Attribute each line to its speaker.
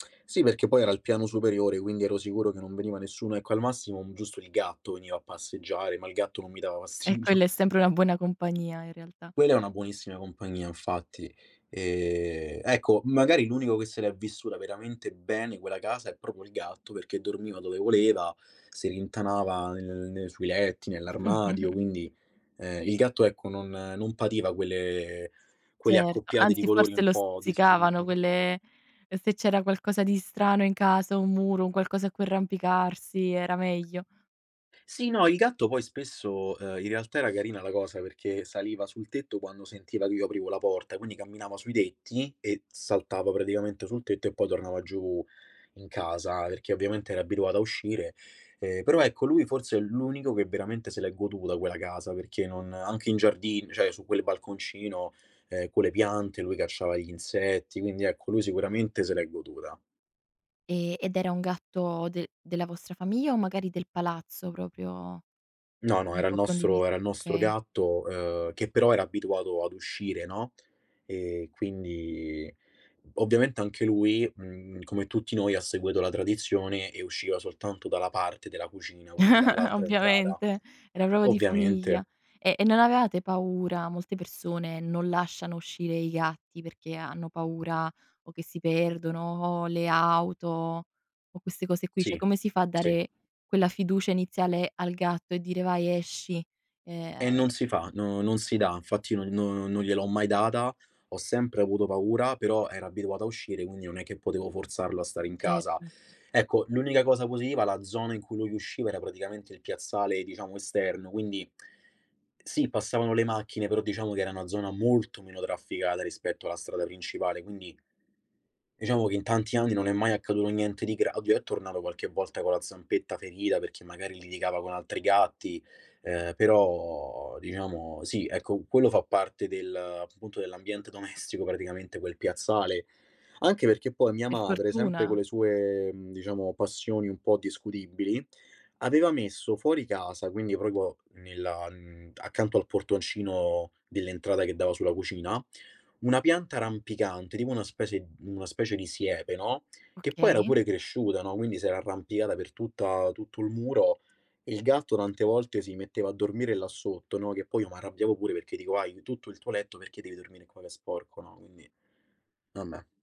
Speaker 1: Sì, perché poi era al piano superiore, quindi ero sicuro che non veniva nessuno, ecco, al massimo giusto il gatto veniva a passeggiare, ma il gatto non mi dava
Speaker 2: E
Speaker 1: fastidio.
Speaker 2: quella è sempre una buona compagnia in realtà.
Speaker 1: Quella è una buonissima compagnia, infatti. Ehm, ecco, magari l'unico che se l'è veramente bene, quella casa, è proprio il gatto, perché dormiva dove voleva, si rintanava nelle nel nel sui letti, nell'armadio, quindi, ehm, il gatto, ecco, non non pativa quelle quelle
Speaker 2: Certo,
Speaker 1: accoppiate di
Speaker 2: anzi
Speaker 1: colori,
Speaker 2: forse
Speaker 1: un
Speaker 2: lo
Speaker 1: po'
Speaker 2: stuzzicavano
Speaker 1: discutibili.
Speaker 2: quelle e se c'era qualcosa di strano in casa, 1 muro, un qualcosa a cui arrampicarsi, era meglio.
Speaker 1: Sì, no, il gatto poi spesso uhm, in realtà era carina la cosa, perché saliva sul tetto quando sentiva che io aprivo la porta, quindi camminava sui tetti, e saltava praticamente sul tetto e poi tornava giù, in casa, perché ovviamente era abituato a uscire, ehm, però ecco, lui forse è l'unico che veramente se l'è goduta quella casa, perché non anche in giardin cioè su quel balconcino, ehm, con le piante, lui cacciava gli insetti, quindi ecco, lui sicuramente se l'è goduta.
Speaker 2: E ed era un gatto de della vostra famiglia o magari del palazzo, proprio ah,
Speaker 1: No, no,
Speaker 2: un
Speaker 1: era il
Speaker 2: po'
Speaker 1: nostro
Speaker 2: condivis
Speaker 1: era il nostro
Speaker 2: Okay.
Speaker 1: gatto, uhm, che però era abituato ad uscire, no? E quindi ovviamente anche lui, mhmm, come tutti noi, ha seguito la tradizione, e usciva soltanto dalla parte della cucina, quindi dall'altra entrata.
Speaker 2: Ovviamente, era proprio di famiglia.
Speaker 1: Ovviamente.
Speaker 2: E e non avevate paura? Molte persone non lasciano uscire i gatti, perché hanno paura, o che si perdono, o le auto, o queste cose qui, cioè,
Speaker 1: Sì,
Speaker 2: come si fa a
Speaker 1: sì.
Speaker 2: dare, quella fiducia iniziale al gatto, e dire: "Vai, esci"? Eh ah,
Speaker 1: E
Speaker 2: ehm
Speaker 1: non si fa, no non si dà. Infatti no non non gliel'ho mai data, ho sempre avuto paura, però era abituata a uscire, quindi non è che potevo forzarlo a stare in casa.
Speaker 2: Certo.
Speaker 1: Ecco, l'unica cosa positiva: la zona in cui lui usciva era praticamente il piazzale, diciamo, esterno, quindi sì passavano le macchine, però diciamo che era una zona molto meno trafficata rispetto alla strada principale, quindi diciamo che in tanti anni non è mai accaduto niente di gra oddio, è tornato qualche volta con la zampetta ferita, perché magari litigava con altri gatti, ehm, però, diciamo, sì, ecco, quello fa parte del punto dell'ambiente domestico, praticamente, quel piazzale. Anche perché poi mia
Speaker 2: Per
Speaker 1: madre, sempre co'
Speaker 2: fortuna.
Speaker 1: le sue, mhmm, diciamo passioni un po' discutibili, aveva messo fuori casa, quindi proprio nella mhmm, accanto al portoncino dell'entrata che dava sulla cucina, 1 pianta rampicante, tipo una specie una specie di siepe, no, che poi era
Speaker 2: Okay.
Speaker 1: pure cresciuta, no, quindi s'era arrampicata per tutta tutto il muro. Il gatto tante volte si metteva a dormire là sotto, no, che poi io m'arrabbiavo pure, perché dico: "Hai tutto il tuo letto, perché devi dormire qua che è sporco?", no? Quindi vabbè.